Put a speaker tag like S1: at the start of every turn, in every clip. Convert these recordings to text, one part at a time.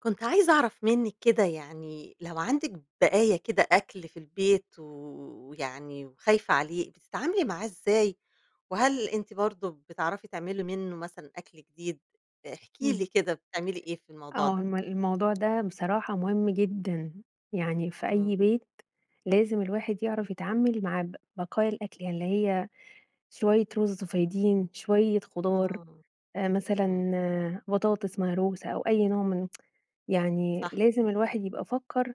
S1: كنت عايزة أعرف منِك كده يعني، لو عندِك بقايا كده أكل في البيت، ويعني وخايفة عليه بتتعاملي معاه إزاي؟ وهل أنتِ برضه بتعرفي تعملي منُّه مثلًا أكل جديد؟ احكِ
S2: امم،
S1: لي كده بتعملي إيه في الموضوع
S2: آه
S1: ده؟
S2: ما الموضوع ده بصراحة مهم جدًا، يعني في أي
S1: امم.
S2: بيت لازم الواحد يعرف يتعامل مع ب بقايا الأكل اللي هي شوية رز فايضين، شوية خضار،
S1: امم،
S2: آآ،
S1: امم.
S2: مثلًا بطاطس مهروسة أو أي نوع من يعني
S1: صح.
S2: لازم الواحد يبقى فكّر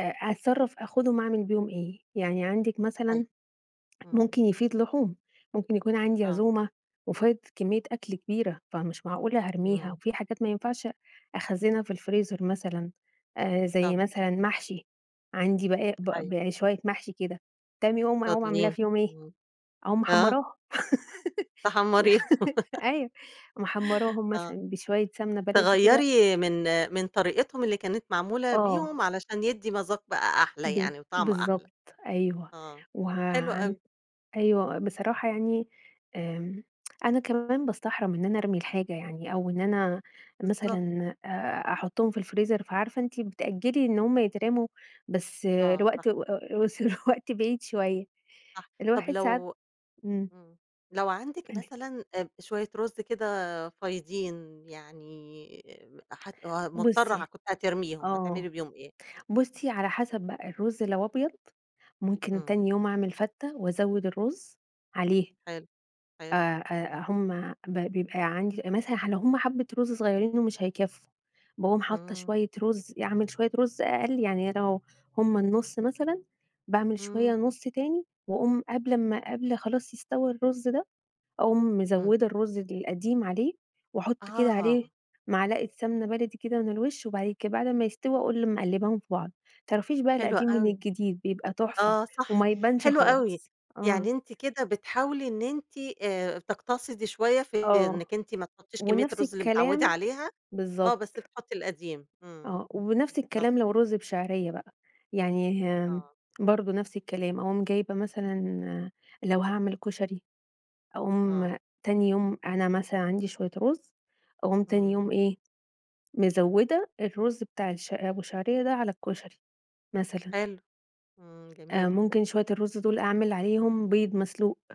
S2: أ أتصرف آخدهم أعمل بيهم إيه؟ يعني عندِك
S1: أيوه،
S2: مثلًا
S1: امم.
S2: ممكن يفيض لحوم، ممكن يكون عندي
S1: آه
S2: عزومة، وفايض كمية أكل كبيرة، فمش معقولة هارميها،
S1: اهم.
S2: وفي حاجات ما ينفعش أخزّنها في الفريزر، مثلًا آآ، زي
S1: طبعًا.
S2: مثلًا محشي، عندي بقايا بق
S1: أيوه.
S2: بقايا شوية محشي كده تاني يوم، أقوم عاملاه
S1: فاضلين،
S2: في يوم إيه،
S1: امم،
S2: أقوم
S1: آه.
S2: محمّراها،
S1: تحمّريهم،
S2: أيوه محمراهم
S1: آه،
S2: مثلًا بشوية سمنة بلدي كده
S1: تغيَّري من من طريقتهم اللي كانت معمولة بيهم،
S2: آه.
S1: علشان يدَّي مذاق بقى أحلى
S2: ب
S1: يعني، وطعم أحلى،
S2: بالضبط، أيوه
S1: آه،
S2: وه
S1: حلو
S2: عن
S1: أوي.
S2: أيوه بصراحة يعني، آمم، أنا كمان باستحرم إن أنا أرمي الحاجة يعني، أو إن أنا
S1: بالضبط.
S2: مثلًا آآ، أحطُّهم في الفريزر، فعارفة أنتِ بتأجلّي إن هم يترموا، بس
S1: آه، صح.
S2: الوقت [unintelligible] بس الوقت بعيد شوية،
S1: صح، طَب
S2: الواحد ساعات
S1: لو
S2: امم.
S1: امم، لو عندِك
S2: [unintelligible]
S1: مثلًا أ شوية رز كده فايضين، يعني آآ، حت مضطرة
S2: بُصّي
S1: كنتِ هترميهم، هتعملي
S2: آه،
S1: بيهم إيه؟
S2: بُصّي، على حسب بقى الرز لو أبيض، ممكن
S1: امم.
S2: تاني يوم أعمل فتّة، وأزوِّد الرز عليها
S1: حلو، حلو،
S2: آآ آآ
S1: امم.
S2: هم ب بيبقى عندي مثلًا لو هم حبة رز صغيرين و مش هيكفّوا باقوم حاطة
S1: امم.
S2: شوية رز، يعني أعمل شوية رز أقل يعني أنا لو هم النُصّ مثلًا، باعمل شوية
S1: امم.
S2: نُصّ تاني، وأقوم قبل امّا قبل خلاص يستوى الرز ده، أقوم
S1: امم.
S2: مزودة الرز القديم عليه وأحط كده عليه
S1: آه!
S2: معلقة سمنة بلدي كده من الوشّ، وبعد كده بعد امّا يستوي أقوم مقلّباهم في بعض، ما تعرفيش بقى
S1: حلو
S2: القديم من
S1: أوي.
S2: الجديد بيبقى تحفة،
S1: آه صح،
S2: وما يبانش
S1: حلو أوي
S2: خالص، آه
S1: يعني أنتِ كده بتحاولي إن أنتِ آآ، تقتصدي شوية في
S2: آه،
S1: إنِّك أنتِ ما تحطّيش كمية
S2: ونفْس
S1: الرز اللي متعوّدة
S2: الكلام
S1: عليها، آه، بس
S2: بالضبط.
S1: بتحطّي القديم، امم،
S2: آه ونفْس
S1: بالضبط.
S2: الكلام لو رز بشعرية بقى، يعني آمم،
S1: آه.
S2: برضه نفْس الكلام، أقوم جايبة مثلًا لو هاعمل كُشري، أقوم
S1: آه.
S2: تاني يوم أنا مثلًا عندي شوية رز، أقوم تاني يوم
S1: امم.
S2: إيه، مزوِّدة الرز بتاع الش أبو شعرية ده على الكُشري مثلًا
S1: حلو، امم، جميل.
S2: آآ ممكن شوية الرز دول أعمل عليهم بيض مسلوق.